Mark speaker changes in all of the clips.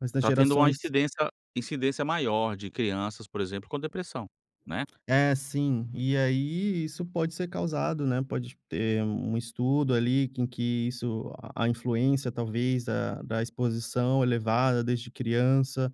Speaker 1: Mas nas
Speaker 2: Está tendo uma
Speaker 1: gerações
Speaker 2: incidência incidência maior de crianças, por exemplo, com depressão, né?
Speaker 1: É, sim. E aí, isso pode ser causado, né, pode ter um um estudo ali com que isso a-a influência, talvez, da da exposição elevada desde criança,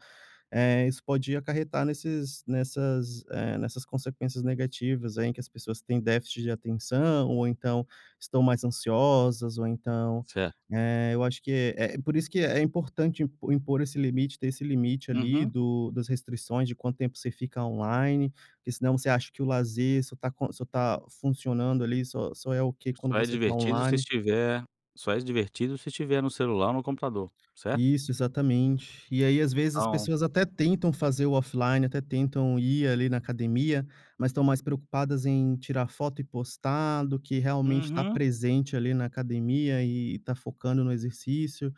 Speaker 1: eh, isso pode acarretar nesses nessas, eh, nessas consequências negativas aí, em que as pessoas têm déficit de atenção ou então estão mais ansiosas ou então,
Speaker 2: Certo.
Speaker 1: eh, eu acho que eh, por isso que é importante im impor esse limite, ter esse limite ali,
Speaker 2: Uhum.
Speaker 1: do das restrições de quanto tempo você fica online, porque senão você acha que o lazer só está co só está funcionando ali só só é ok quando
Speaker 2: Só é
Speaker 1: você está
Speaker 2: divertido se
Speaker 1: online.
Speaker 2: estiver só é divertido se estiver no celular ou no computador, certo?
Speaker 1: Isso, exatamente. E aí, às vezes as
Speaker 2: Então
Speaker 1: pessoas até tentam fazer o offline, até tentam ir ali na academia, mas estão mais preocupadas em tirar foto e postar do que realmente está
Speaker 2: Uhum.
Speaker 1: presente ali na academia e está focando no exercício.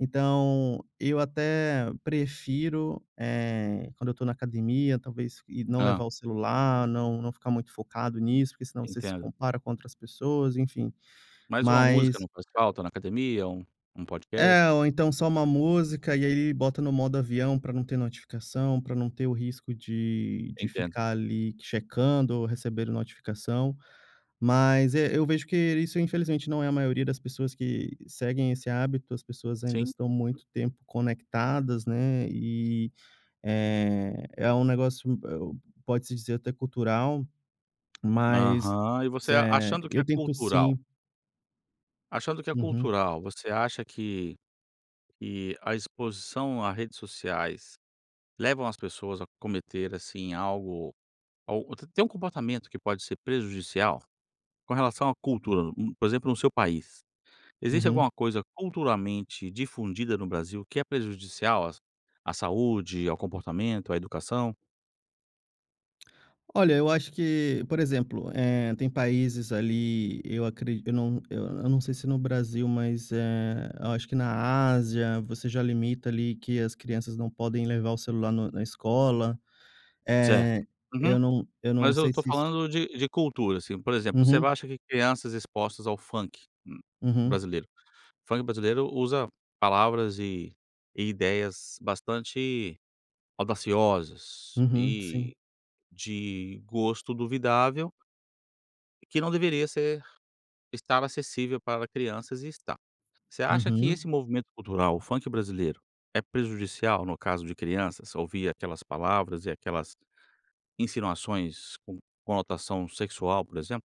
Speaker 1: Então, eu até prefiro, eh, quando eu estou na academia talvez, e não
Speaker 2: Hã.
Speaker 1: levar o celular, não não ficar muito focado nisso, porque senão você se
Speaker 2: Entendo.
Speaker 1: compara com outras pessoas, enfim,
Speaker 2: Mas uma música
Speaker 1: mas
Speaker 2: não faz falta, na academia? Um um podcast?
Speaker 1: É, ou então, só uma música. E aí aí, bota no modo avião para não ter notificação, para não ter o risco de de
Speaker 2: Entendo.
Speaker 1: ficar ali checando ou recebendo notificação. Mas, eh, eu vejo que isso, infelizmente, não é a maioria das pessoas que seguem esse hábito, as pessoas ainda
Speaker 2: Sim.
Speaker 1: estão muito tempo conectadas, né, e, eh, é um negócio m eh, pode-se dizer até cultural, mas,
Speaker 2: Aham. E você a
Speaker 1: eh,
Speaker 2: achando que
Speaker 1: eu
Speaker 2: é
Speaker 1: tento,
Speaker 2: cultural
Speaker 1: sim
Speaker 2: achando que é
Speaker 1: Uhum.
Speaker 2: cultural. Você acha que que a exposição à redes sociais, levam as pessoas a cometer, assim, algo al t-tem um comportamento que pode ser prejudicial? Com relação à cultura, por exemplo, no seu país. Existe
Speaker 1: Uhum.
Speaker 2: alguma coisa, culturalmente difundida no Brasil que é prejudicial às à saúde, ao comportamento, à educação?
Speaker 1: Olha, eu acho que por exemplo, eh, tem países ali eu acre eu não eu não sei se no Brasil, mas, eh, eu acho que na Ásia você já limita ali que as crianças não podem levar o celular no na escola.
Speaker 2: Certo.
Speaker 1: Eh,
Speaker 2: Uhum.
Speaker 1: eu não eu não
Speaker 2: Mas eu
Speaker 1: sei
Speaker 2: estou
Speaker 1: se isto
Speaker 2: falando de de cultura, assim. Por exemplo, você não
Speaker 1: Uhum.
Speaker 2: acha que crianças expostas ao funk, hum,
Speaker 1: Uhum.
Speaker 2: brasileiro funk brasileiro usa palavras e e ideias bastante audaciosas
Speaker 1: Uhum, sim.
Speaker 2: e de gosto duvidável que não deveria ser estar acessível para crianças e está. Você acha que
Speaker 1: Uhum.
Speaker 2: esse movimento cultural, o funk brasileiro, é prejudicial, no caso de crianças, ouvir aquelas palavras e aquelas insinuações com conotação sexual, por exemplo?